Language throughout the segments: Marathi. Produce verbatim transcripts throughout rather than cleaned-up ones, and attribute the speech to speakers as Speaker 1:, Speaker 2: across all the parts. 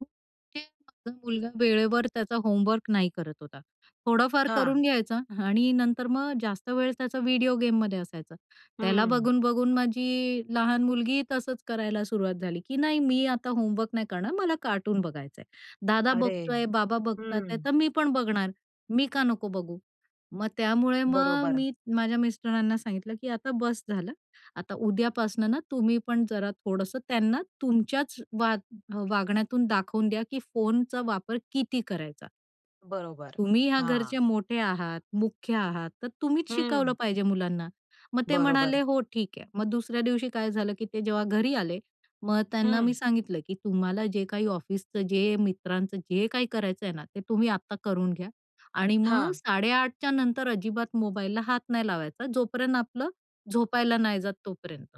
Speaker 1: [unintelligible] माझा मुलगा वेळेवर त्याचा होमवर्क नाही करत होता. थोडाफार करून
Speaker 2: हां.
Speaker 1: घ्यायचा आणि नंतर मग जास्त वेळ त्याचा व्हिडिओ गेममध्ये असायचा. त्याला
Speaker 2: हं.
Speaker 1: बघून-बघून माझी लहान मुलगी तसंच करायला सुरुवात झाली की, "नाही, मी आता होमवर्क नाही करणार, मला कार्टून बघायचंय. दादा
Speaker 2: अरे!
Speaker 1: बघतोय, बाबा बघतात आहे,
Speaker 2: हं.
Speaker 1: तर मी पण बघणार मी का नको बघू?" मग त्यामुळे मग
Speaker 2: बरोबर.
Speaker 1: मी माझ्या मिस्टरांना सांगितलं की, "आता बस झालं, आता उद्यापासनं ना तुम्ही पण जरा थोडंसं त्यांना तुमच्याच वाग वागण्यातून दाखवून द्या की फोनचा वापर किती करायचा?"
Speaker 2: बरोबर.
Speaker 1: "तुम्ही ह्या
Speaker 2: हां.
Speaker 1: घरचे मोठे आहात, मुख्य आहात. तर तुम्हीच शिकवलं
Speaker 2: हं.
Speaker 1: पाहिजे मुलांना." मग ते
Speaker 2: बरोबर.
Speaker 1: म्हणाले, "हो, ठीक आहे," मग दुसऱ्या दिवशी काय झालं की ते जेव्हा घरी आले मग त्यांना मी
Speaker 2: हं.
Speaker 1: सांगितलं की, "तुम्हाला जे काही ऑफिसचं जे मित्रांचं जे काही करायचंय ना, ते तुम्ही आता करून घ्या आणि मग
Speaker 2: हां.
Speaker 1: साडे आठच्या नंतर अजिबात मोबाईलला हात नाही लावायचा जोपर्यंत आपलं झोपायला नाही जात तोपर्यंत."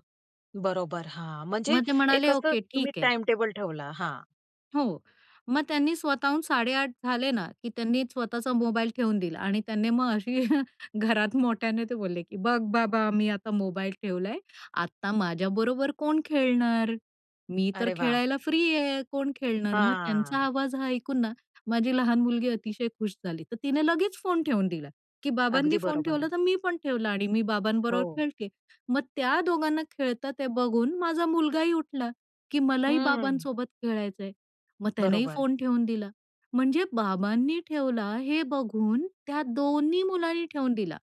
Speaker 2: बरोबर. हां. म्हणजे
Speaker 1: मग ते
Speaker 2: एक
Speaker 1: म्हणाले,
Speaker 2: असं
Speaker 1: "ओके,
Speaker 2: तुम्ही
Speaker 1: ठीक आहे."
Speaker 2: टाईमटेबल ठेवला हां.
Speaker 1: हो, मग त्यांनी स्वतःहून साडेआठ झाले ना, की त्यांनी स्वतःचा मोबाईल ठेवून दिला आणि त्याने मग अशी घरात मोठ्याने ते बोलले की, "बघ बाबा, मी आता मोबाईल ठेवलाय, आता माझ्याबरोबर कोण खेळणार? मी तर
Speaker 2: अरे वाह!
Speaker 1: खेळायला फ्री आहे, कोण खेळणार?" मग त्यांचा
Speaker 2: हां.
Speaker 1: आवाज हा ऐकून ना, माझी लहान मुलगी अतिशय, खुश झाली, तर तिने लगेच फोन ठेवून दिला, की
Speaker 2: अगदी
Speaker 1: बाबांनी फोन
Speaker 2: बरोबर
Speaker 1: ठेवला
Speaker 2: आहे.
Speaker 1: तर मी पण ठेवला आणि मी बाबांबरोबर
Speaker 2: हो.
Speaker 1: खेळते. मग त्या दोघांना खेळता ते बघून माझा मुलगा ही उठला की, "मलाही
Speaker 2: हं.
Speaker 1: बाबांसोबत खेळायचंय." मग त्यानेही
Speaker 2: बरोबर.
Speaker 1: फोन ठेवून दिला. म्हणजे बाबांनी ठेवला हे बघून त्या दोन्ही मुलांनी ठेवून दिला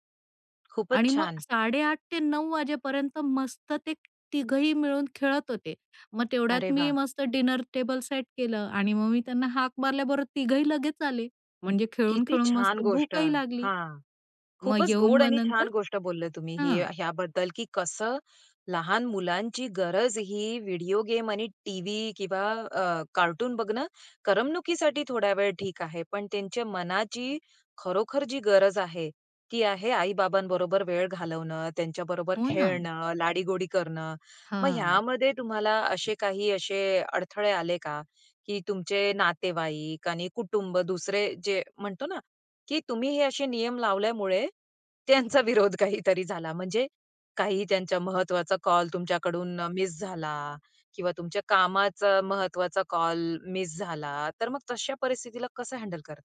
Speaker 2: खूपच
Speaker 1: आणि मग
Speaker 2: छान.
Speaker 1: साडेआठ ते नऊ वाजेपर्यंत मस्त ते तिघंही मिळून खेळत होते. मग तेवढ्यात
Speaker 2: अरे
Speaker 1: मी
Speaker 2: वाह!
Speaker 1: मस्त डिनर टेबल सेट केलं आणि मग मी त्यांना हाक मारल्याबरोबर तिघंही लगेच आले, म्हणजे
Speaker 2: किती
Speaker 1: खेळून-खेळून
Speaker 2: छान
Speaker 1: मस्त
Speaker 2: गोष्ट
Speaker 1: भूकही लागली.
Speaker 2: हां,
Speaker 1: मग
Speaker 2: खूपच
Speaker 1: येऊन
Speaker 2: गोड
Speaker 1: मग
Speaker 2: आणि
Speaker 1: नंतर
Speaker 2: छान गोष्ट बोलले तुम्ही ही,
Speaker 1: हां.
Speaker 2: ह्याबद्दल की कसं लहान मुलांची गरज ही व्हिडिओ गेम आणि टीव्ही किंवा अ, कार्टून बघणं करमणुकीसाठी थोड्या वेळ ठीक आहे. पण त्यांच्या मनाची खरोखर जी गरज आहे, ती आहे आई-बाबांबरोबर वेळ घालवणं, त्यांच्याबरोबर
Speaker 1: हो ना.
Speaker 2: खेळणं, लाडीगोडी करणं. मग
Speaker 1: हां.
Speaker 2: ह्यामध्ये तुम्हाला असे काही असे, अडथळे आले का? की तुमचे नातेवाईक आणि कुटुंब दुसरे जे म्हणतो ना, की तुम्ही हे असे नियम लावल्यामुळे त्यांचा विरोध काहीतरी झाला म्हणजे काही त्यांच्या महत्त्वाचा कॉल तुमच्याकडून मिस झाला किंवा तुमच्या कामाचा महत्त्वाचा कॉल मिस झाला. तर मग तशा परिस्थितीला कसं हँडल करता?